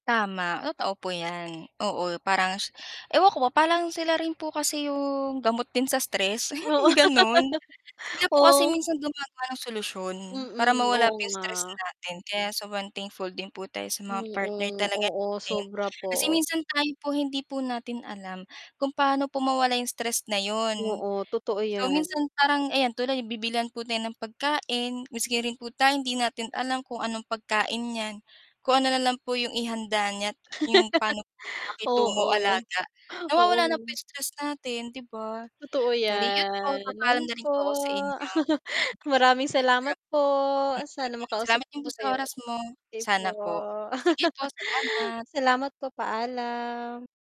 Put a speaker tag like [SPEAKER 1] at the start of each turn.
[SPEAKER 1] Tama, totoo po 'yan. Oo, parang ewan ko ba. Parang sila rin po kasi 'yong gamot din sa stress,
[SPEAKER 2] Oo.
[SPEAKER 1] gano'n. Sila po kasi
[SPEAKER 2] Oo.
[SPEAKER 1] minsan gumagawa sila ng solusyon para
[SPEAKER 2] Mm,
[SPEAKER 1] mawala
[SPEAKER 2] oo
[SPEAKER 1] po 'yong
[SPEAKER 2] nga.
[SPEAKER 1] stress natin. Kaya, sobrang thankful din po tayo sa mga
[SPEAKER 2] Mm,
[SPEAKER 1] partner talaga
[SPEAKER 2] oo,
[SPEAKER 1] natin.
[SPEAKER 2] Sobra
[SPEAKER 1] Kasi
[SPEAKER 2] po.
[SPEAKER 1] minsan tayo po hindi po natin alam kung paano po mawala 'yong stress na 'yon.
[SPEAKER 2] Oo, totoo
[SPEAKER 1] So,
[SPEAKER 2] 'yan.
[SPEAKER 1] minsan parang ayan tuloy bibilihan po tayo ng pagkain maski rin po tayong hindi natin alam kung anong pagkain 'yan. Kung ano na lang po 'yong ihanda niya 'yong pa'no po 'yong pakitungo,
[SPEAKER 2] Oo,
[SPEAKER 1] alaga, nawawala ng po
[SPEAKER 2] oo.
[SPEAKER 1] stress 'yong natin, 'di ba?
[SPEAKER 2] Totoo
[SPEAKER 1] [unintelligible] po
[SPEAKER 2] 'yan,
[SPEAKER 1] papaalam
[SPEAKER 2] ayun
[SPEAKER 1] na rin
[SPEAKER 2] po.
[SPEAKER 1] po ako sa inyo.
[SPEAKER 2] Maraming
[SPEAKER 1] [unintelligible]
[SPEAKER 2] salamat
[SPEAKER 1] Grab
[SPEAKER 2] po. Sana
[SPEAKER 1] mm.
[SPEAKER 2] makausap
[SPEAKER 1] Salamat
[SPEAKER 2] ko
[SPEAKER 1] din po
[SPEAKER 2] ho
[SPEAKER 1] sa
[SPEAKER 2] kayo
[SPEAKER 1] oras
[SPEAKER 2] ulit.
[SPEAKER 1] mo.
[SPEAKER 2] Okey po,
[SPEAKER 1] Sana po. Sige po, salamat.
[SPEAKER 2] salamat po, paalam.